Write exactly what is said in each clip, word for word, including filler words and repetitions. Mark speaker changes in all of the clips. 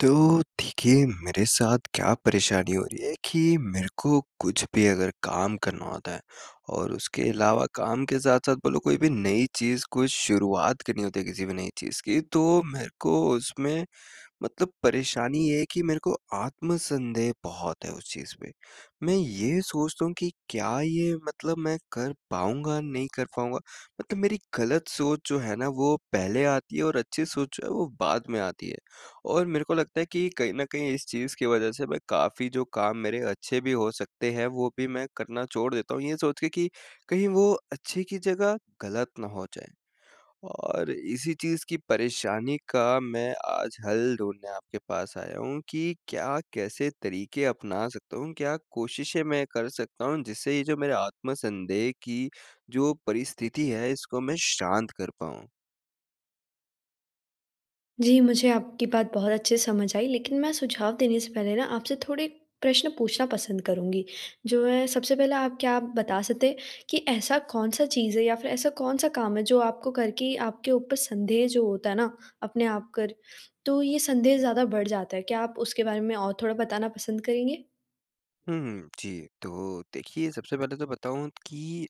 Speaker 1: तो, देखिए, मेरे साथ क्या परेशानी हो रही है कि मेरे को कुछ भी अगर काम करना होता है और उसके अलावा काम के साथ-साथ बोलो कोई भी नई चीज़ कोई शुरुआत करनी होती है किसी भी नई चीज़ की, तो मेरे को उसमें मतलब परेशानी ये है कि मेरे को आत्म-संदेह बहुत है उस चीज़ पे। मैं ये सोचता हूँ कि क्या ये मतलब मैं कर पाऊँगा, नहीं कर पाऊँगा? मतलब मेरी गलत सोच जो है ना, वो पहले आती है और अच्छी सोच जो है, वो बाद में आती है। और मेरे को लगता है कि कहीं न कहीं इस चीज़ की वजह से मैं काफ़ी जो काम मेरे अच्छे भी हो सकते हैं, वो भी मैं करना छोड़ देता हूँ, ये सोच के कि कहीं वो अच्छे की जगह, गलत ना हो जाएँ। और इसी चीज़ की परेशानी का मैं आज हल ढूँढ़ने आपके पास आया हूँ कि क्या, कैसे तरीके अपना सकता हूँ? क्या कोशिशें मैं कर सकता हूँ, जिससे ये जो मेरे आत्म-संदेह की जो परिस्थिति है इसको, मैं शांत कर पाऊँ?
Speaker 2: जी, मुझे आपकी बात बहुत अच्छे से समझ आई लेकिन मैं सुझाव देने से पहले ना, आपसे थोड़े प्रश्न पूछना पसंद करूँगी। जो है सबसे पहले आप क्या आप बता सकते हैं, कि ऐसा कौन-सा चीज़ है या फ़िर ऐसा कौन-सा काम है, जो आपको करके आपके ऊपर संदेह जो होता है ना, अपने आप कर, तो ये संदेह ज़्यादा बढ़ जाता है? क्या आप उसके बारे में और थोड़ा बताना पसंद करेंगे?
Speaker 1: हुँ, जी। तो देखिए, सबसे पहले तो बताऊँ कि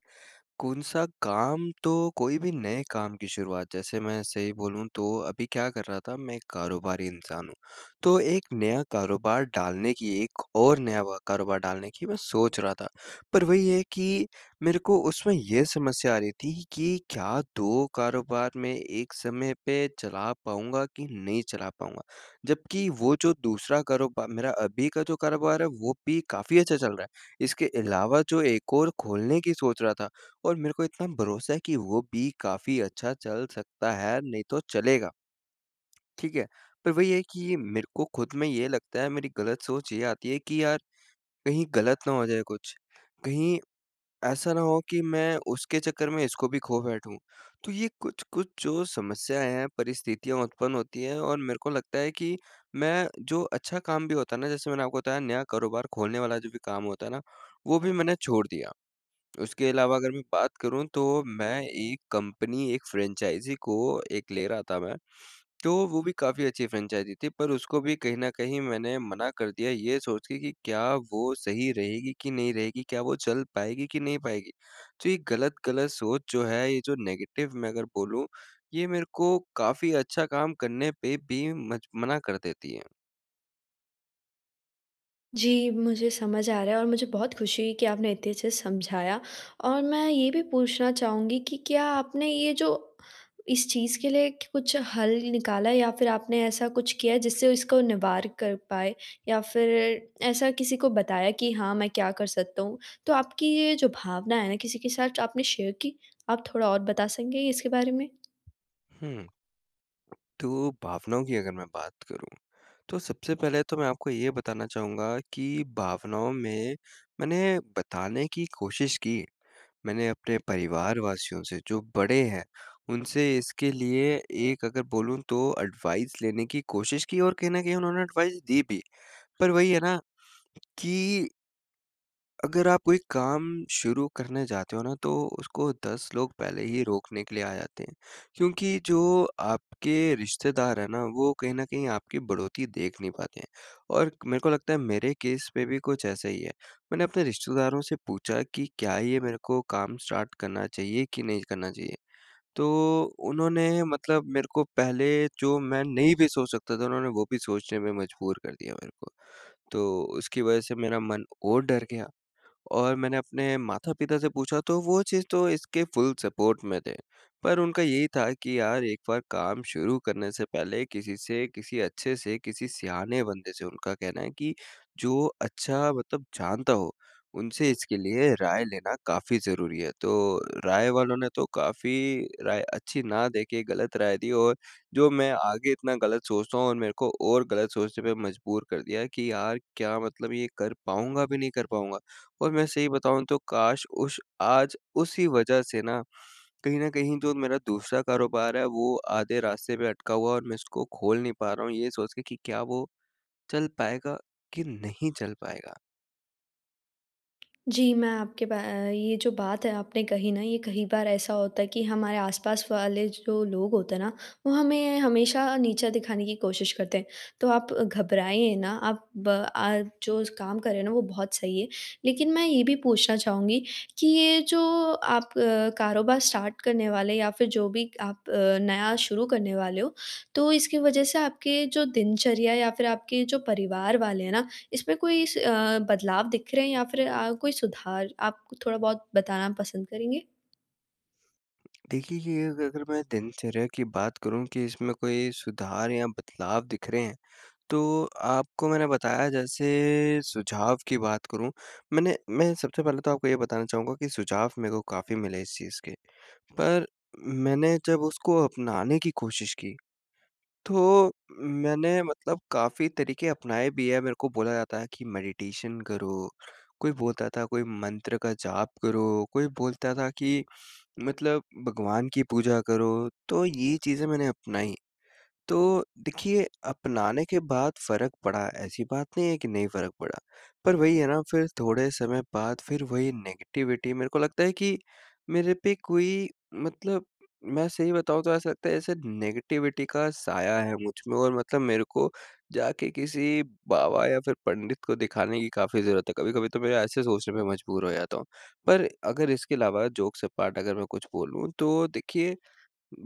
Speaker 1: कौन-सा काम तो कोई भी नए काम की शुरुआत, जैसे मैं सही बोलूँ तो अभी क्या कर रहा था मैं एक कारोबारी इंसान हूँ। तो एक नया कारोबार डालने की एक और नया व कारोबार डालने की मैं सोच रहा था। पर वही है कि मेरे को उसमें ये समस्या आ रही थी कि क्या दो कारोबार में एक समय पे चला पाऊँगा कि नहीं चला पाऊँगा? जबकि वो जो दूसरा कारोबार मेरा अभी का जो कारोबार है वो भी काफ़ी अच्छा चल रहा है। इसके अलावा जो एक और खोलने की सोच रहा था और मेरे को इतना भरोसा है कि वो भी काफ़ी अच्छा चल सकता है, नहीं तो चलेगा। ठीक है? पर वही है कि ये मेरे को ख़ुद में ये लगता है मेरी गलत सोच ये आती है कि यार कहीं गलत ना हो जाए कुछ? कहीं ऐसा ना हो कि मैं उसके चक्कर में इसको भी खो बैठूँ? तो ये कुछ-कुछ जो समस्याएँ हैं, परिस्थितियाँ उत्पन्न होती है और मेरे को लगता है कि मैं जो अच्छा काम भी होता है ना जैसे मैंने आपको बताया नया कारोबार खोलने वाला जो भी काम होता है ना वो भी मैंने छोड़ दिया। उसके अलावा अगर मैं बात करूँ तो मैं एक कंपनी एक फ्रेंचाइज़ी को एक ले रहा था मैं तो वो भी काफ़ी अच्छी फ्रेंचाइज़ी थी पर उसको भी कहीं न कहीं मैंने मना कर दिया ये सोच के कि क्या वो सही रहेगी कि नहीं रहेगी? क्या वो चल पाएगी कि नहीं पाएगी? तो ये गलत-गलत सोच जो है ये जो नेगेटिव मैं अगर बोलूँ ये मेरे को काफ़ी अच्छा काम करने पे भी मज मना कर देती है।
Speaker 2: जी, मुझे समझ आ रहा है और मुझे बहुत खुशी हुई कि आपने इतने अच्छे से समझाया। और मैं ये भी पूछना चाहूँगी कि क्या आपने ये जो इस चीज़ के लिए कुछ हल निकाला, या फ़िर आपने ऐसा कुछ किया है जिससे इसको निवार कर पाए, या फ़िर ऐसा किसी को बताया कि हाँ, मैं क्या कर सकता हूँ? तो आपकी ये जो भावना है ना, किसी के साथ जो आपने शेयर की, आप थोड़ा और बता सकेंगे इसके बारे में?
Speaker 1: हुँ। तो भावनाओं की अगर मैं बात करूँ, तो सबसे पहले तो मैं आपको ये बताना चाहूँगा कि भावनाओं में मैंने बताने की कोशिश की। मैंने अपने परिवारवासियों से, जो बड़े हैं, उनसे इसके लिए एक अगर बोलूँ तो एडवाइज़ लेने की कोशिश की, और कहीं न कहीं उन्होंने एडवाइज़ दी भी। पर वही है ना कि अगर आप कोई काम शुरू करने जाते हो ना, तो उसको दस लोग पहले ही रोकने के लिए आ जाते हैं, क्योंकि जो आपके रिश्तेदार हैं ना, वो कहीं न कहीं आपकी बढ़ोत्तरी देख नहीं पाते हैं, और मेरे को लगता है मेरे केस में भी कुछ ऐसा ही है। मैंने अपने रिश्तेदारों से पूछा कि क्या ये मेरे को काम स्टार्ट करना चाहिए कि नहीं करना चाहिए? तो उन्होंने मतलब मेरे को पहले जो मैं नहीं भी सोच सकता था, उन्होंने वो भी सोचने में मजबूर कर दिया मेरे को, तो उसकी वजह से मेरा मन और डर गया। और मैंने अपने माता-पिता से पूछा, तो वो चीज़ तो इसके फुल सपोर्ट में थे, पर उनका यही था कि यार, एक बार काम शुरू करने से पहले किसी से किसी अच्छे से, किसी सयाने बंदे से, उनका कहना है कि जो अच्छा, मतलब जानता हो, उनसे इसके लिए राय लेना काफ़ी ज़रूरी है। तो राय वालों ने तो काफ़ी राय अच्छी ना दे के गलत राय दी, और जो मैं आगे इतना गलत सोचता हूँ और मेरे को और गलत सोचने पे मजबूर कर दिया कि यार! क्या मतलब ये कर पाऊँगा भी, नहीं कर पाऊँगा? और मैं सही बताऊँ तो काश! उस आज उसी वजह से ना कहीं न कहीं जो मेरा दूसरा कारोबार है, वो आधे रास्ते पे अटका हुआ है और मैं उसको खोल नहीं पा रहा हूँ, ये सोच के कि क्या वो चल पाएगा, कि नहीं चल पाएगा?
Speaker 2: जी, मैं आपके बा ये जो बात है आपने कही ना ये कही बार ऐसा होता है कि हमारे आस-पास वाले जो लोग होते हैं ना वो हमें हमेशा नीचा दिखाने की कोशिश करते हैं। तो आप घबराएँ ना आप बा आ जो स काम कर रहे हैं ना वो बहुत सही है। लेकिन मैं ये भी पूछना चाहूँगी कि ये जो आप कारोबार स्टार्ट करने वाले या फ़िर जो भी आप अ, नया शुरू करने वाले हो तो इसकी वजह से आपके जो दिनचर्या या फ़िर आपके जो परिवार वाले हैं ना इसमें कोई स अ, बदलाव दिख रहे हैं या फ़िर अ, कोई सुधार? आप कु थोड़ा-बहुत बताना पसंद करेंगे?
Speaker 1: देखिए कि अग अगर मैं दिनचर्या की बात करूँ कि इसमें कोई सुधार या बदलाव दिख रहे हैं तो आपको मैंने बताया जैसे सुझाव की बात करूँ। मैंने मैं सबसे पहले तो आपको ये बताना चाहूँगा कि सुझाव मेरे को काफ़ी मिले इस चीज़ के। पर मैंने जब उसको अपनाने की कोशिश की तो मैंने मतलब काफ़ी तरीके अपनाए भी हैं मेरे को बोला जाता है कि मेडिटेशन करो, कोई बोलता था कोई मंत्र का जाप करो, कोई बोलता था कि मतलब भगवान की पूजा करो। तो ये चीज़ें मैंने अपनाई। तो देखिए अपनाने के बाद फ़र्क पड़ा ऐसी बात नहीं है कि नहीं फ़र्क पड़ा। पर वही है ना फ़िर थोड़े समय बाद फ़िर वही नेगेटिविटी मेरे को लगता है कि मेरे पे कोई मतलब मैं सही बताऊँ तो ऐसा लगता है ऐसे नेगेटिविटी का साया है मुझ में और मतलब मेरे को जाके किसी बाबा या फ़िर पंडित को दिखाने की काफ़ी ज़रूरत है, कभी-कभी तो मैं ऐसे सोचने पे मजबूर हो जाता हूँ। पर अगर इसके अलावा जोक्स अपार्ट अगर मैं कुछ बोलूँ तो देखिए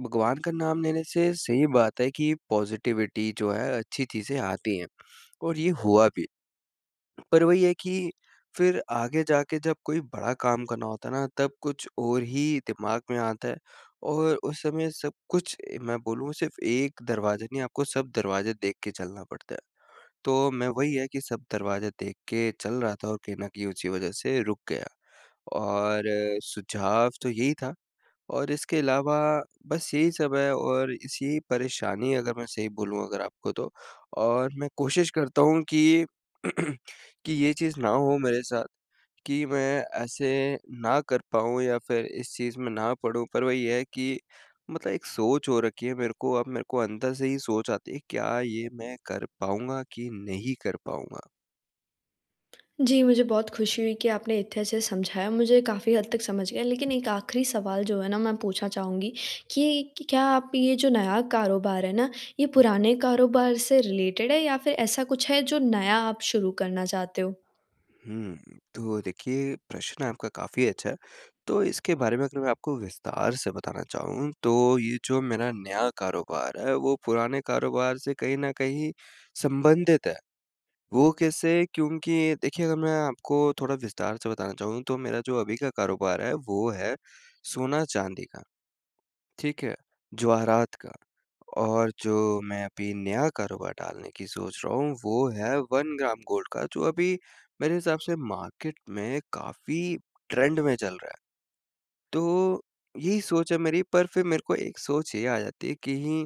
Speaker 1: भगवान का नाम लेने से सही बात है कि पॉज़िटिविटी जो है अच्छी चीज़ें आती हैं। और ये हुआ भी। पर वही है कि फ़िर आगे जाके जब कोई बड़ा काम करना होता है ना तब कुछ और ही दिमाग में आता है। और उस समय सब कुछ ए, मैं बोलूँ सिर्फ़ एक दरवाज़ा नहीं आपको सब दरवाज़े देख के चलना पड़ता है। तो मैं वही है कि सब दरवाज़े देख के चल रहा था और कहीं न कहीं उसी वजह से रुक गया। और सुझाव तो यही था और इसके अलावा बस यही सब है और इस यही परेशानी अगर मैं सही बोलूँ अगर आपको तो और मैं कोशिश करता हूँ कि, कि ये चीज़ ना हो मेरे साथ कि मैं ऐसे ना कर पाऊँ या फ़िर इस चीज़ में ना पडूँ पर वही है कि मतलब एक सोच हो रखी है मेरे को अब मेरे को अंदर से ही सोच आती है क्या ये मैं कर पाऊँगा कि नहीं कर पाऊँगा?
Speaker 2: जी, मुझे बहुत खुशी हुई कि आपने इतने अच्छे से समझाया। मुझे काफ़ी हद तक समझ गया, लेकिन एक आखिरी सवाल जो है ना मैं पूछना चाहूँगी, कि इक क्या आप ये जो नया कारोबार है ना, ये पुराने कारोबार से रिलेटेड है, या फ़िर ऐसा कुछ है जो नया आप शुरू करना चाहते हो?
Speaker 1: हुँ, तो देखिए, प्रश्न आपका काफ़ी अच्छा है। तो इसके बारे में अगर मैं आपको विस्तार से बताना चाहूँ, तो ये जो मेरा नया कारोबार है, वो पुराने कारोबार से कहीं न कहीं संबंधित है। वो कैसे, क्योंकि देखिए अगर मैं आपको थोड़ा विस्तार से बताना चाहूँ, तो मेरा जो अभी का कारोबार है, वो है सोना-चांदी का, ठीक है? जवाहरात का। और जो मैं अभी नया कारोबार डालने की सोच रहा हूँ, वो है वन ग्राम गोल्ड का, जो अभी मेरे हिसाब से मार्केट में काफ़ी ट्रेंड में चल रहा है। तो यही सोच है मेरी, पर फ़िर मेरे को एक सोच ये आ जाती है, कहीं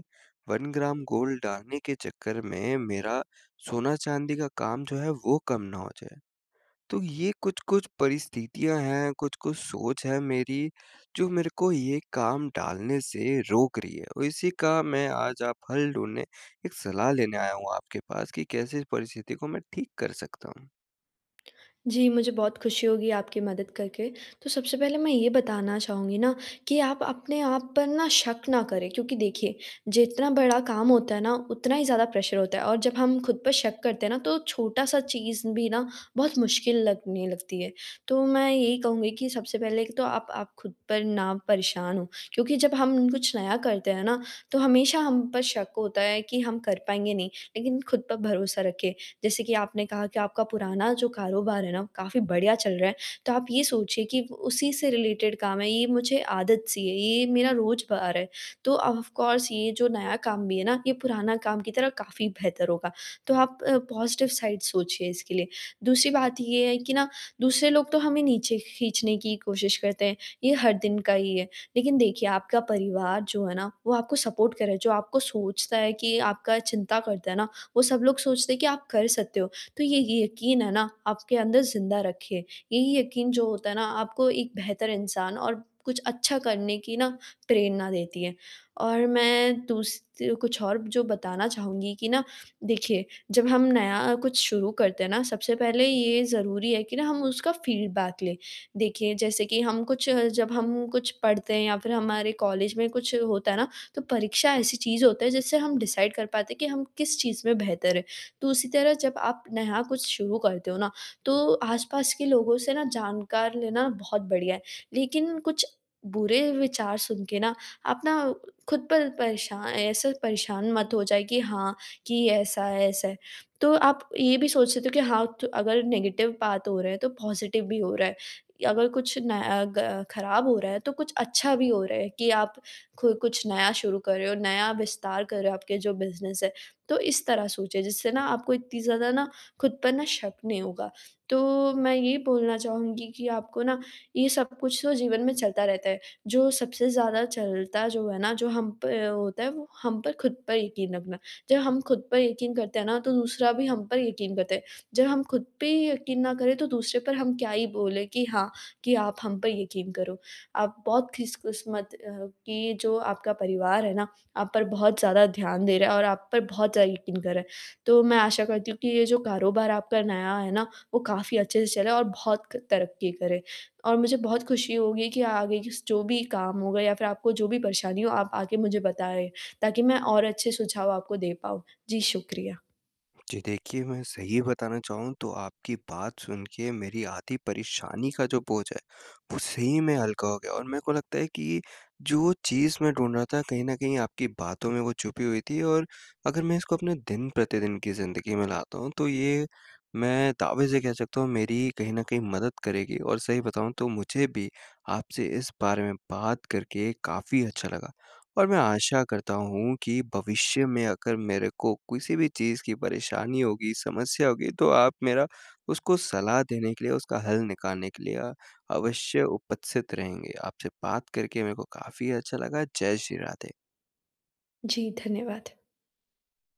Speaker 1: वन ग्राम गोल्ड डालने के चक्कर में मेरा सोना-चांदी का काम जो है, वो कम ना हो जाए। तो ये कुछ-कुछ परिस्थितियाँ हैं, कुछ-कुछ सोच है मेरी, जो मेरे को ये काम डालने से रोक रही है। उ इसी का मैं आज आप हल ढूँढने, एक सलाह लेने आया हूँ आपके पास कि कैसे इस परिस्थिति को मैं ठीक कर सकता हूँ?
Speaker 2: जी, मुझे बहुत खुशी होगी आपकी मदद करके। तो सबसे पहले मैं ये बताना चाहूँगी न कि आप अपने आप पर न शक ना करें क्योंकि देखिए जितना बड़ा काम होता है ना उतना ही ज़्यादा प्रेशर होता है और जब हम ख़ुद पर शक करते है ना तो छोटा-सा चीज़ भी न बहुत मुश्किल लगने लगती है। तो मैं यही कहूँगी कि सबसे पहले तो आप आप ख़ुद पर ना परेशान हों क्योंकि जब हम कुछ नया करते है ना तो हमेशा हम पर शक होता है कि हम कर पाएँगे नहीं, लेकिन ख़ुद पर भरोसा रखें। जैसे कि आपने कहा कि आपका पुराना जो कारोबार है ना, काफ़ी बढ़िया चल रहा है, तो आप ये सोचिए कि वो उसी से रिलेटेड काम है, ये मुझे आदत-सी है, ये मेरा रोजबार है। तो ऑफकोर्स ये जो नया काम भी है ना ये पुराना काम की तरह काफ़ी बेहतर होगा। तो आप अ, पॉज़िटिव साइड सोचिए इसके लिए। दूसरी बात ये है कि न दूसरे लोग तो हमें नीचे खींचने की कोशिश करते हैं ये हर दिन का ही है। लेकिन देखिए आपका परिवार जो है ना, वो आपको सपोर्ट कर रहा है जो आपको सोचता है कि आपका चिंता करता है ना, वो सब लोग सोचते हैं कि आप कर सकते हो तो ये ये यकीन है ना आपके अंदर ज़िंदा रखें। यही यकीन जो होता है ना आपको एक बेहतर इंसान और कुछ अच्छा करने की ना प्रेरणा देती है। और मैं दूस ती ओ कुछ और जो बताना चाहूँगी कि न देखिए जब हम नया कुछ शुरू करते हैं ना? सबसे पहले ये ज़रूरी है कि न हम उसका फ़ीडबैक लें। देखिए जैसे कि हम कुछ जब हम कुछ पढ़ते हैं या फ़िर हमारे कॉलेज में कुछ होता है ना, तो परीक्षा ऐसी चीज़ होती है जिससे हम डिसाइड कर पाते हैं कि हम किस चीज़ में बेहतर हैं? तो उसी तरह जब आप नया कुछ शुरू करते हो न तो आस-पास के लोगों से न जानकार लेना बहुत बढ़िया है। लेकिन कुछ बुरे विचार सुन के न आप ना ख़ुद पर परेशान ऐसे परेशान मत हो जाए कि हाँ, कि ऐसा है ऐसा है। तो आप ये भी सोच सकते हो कि हाँ, तो अगर नेगेटिव बात हो रहा है तो पॉज़िटिव भी हो रहा है। अगर कुछ न अ, ग खराब हो रहा है तो कुछ अच्छा भी हो रहा है कि आप खु कुछ नया शुरू कर रहे हो नया विस्तार कर रहे हो आपके जो बिज़नेस है। तो इस तरह सोचिए जिससे न आपको इतनी ज़्यादा न ख़ुद पर न शक नहीं होगा। तो मैं यही बोलना चाहूँगी कि आपको न ये सब कुछ तो जीवन में चलता रहता है। जो सबसे ज़्यादा चलता जो है ना जो हम पर होता है वो हम पर ख़ुद पर यकीन रखना। जब हम ख़ुद पर यकीन करते हैं ना तो दूसरा भी हम पर यकीन करता है। जब हम ख़ुद पे ही यकीन ना करें तो दूसरे पर हम क्या ही बोलें कि हाँ, कि आप हम पर यकीन करो। आप बहुत खिसकिस्मत अ, कि ये जो आपका परिवार है ना, आप पर बहुत ज़्यादा ध्यान दे रहा है और आप पर बहुत ज़्यादा यकीन कर रहा है। तो मैं आशा करती हूँ कि ये जो कारोबार आपका नया है ना, वो काफ़ी अच्छे से चले और बहुत क तरक्की करे। और मुझे बहुत खुशी होगी कि आगे की स जो भी काम होगा या फ़िर आपको जो भी परेशानी हो आप आके मुझे बताएँ ताकि मैं और अच्छे सुझाव आपको दे पाऊँ। जी, शुक्रिया।
Speaker 1: जी, देखिए मैं सही बताना चाहूँ तो आपकी बात सुन के मेरी आधी परेशानी का जो बोझ है, वो सही में हल्का हो गया और मेरे को लगता है कि जो चीज़ मैं ढूँढ़ रहा था कहीं न कहीं आपकी बातों में वो छुपी हुई थी और अगर मैं इसको अपने दिन-प्रतिदिन की ज़िंदगी में लाता हूँ तो ये मैं दावे से कह सकता हूँ मेरी ही कहीं न कहीं मदद करेगी और सही बताऊँ तो मुझे भी आपसे इस बारे में बात करके काफ़ी अच्छा लगा। और मैं आशा करता हूँ कि भविष्य में अगर मेरे को किसी भी चीज़ की परेशानी होगी, समस्या होगी तो आप मेरा उसको सलाह देने के लिए उसका हल निकालने के लिए अ, अवश्य उपस्थित रहेंगे। आपसे बात करके मेरे को काफ़ी अच्छा लगा। जय श्री राधे।
Speaker 2: जी, धन्यवाद।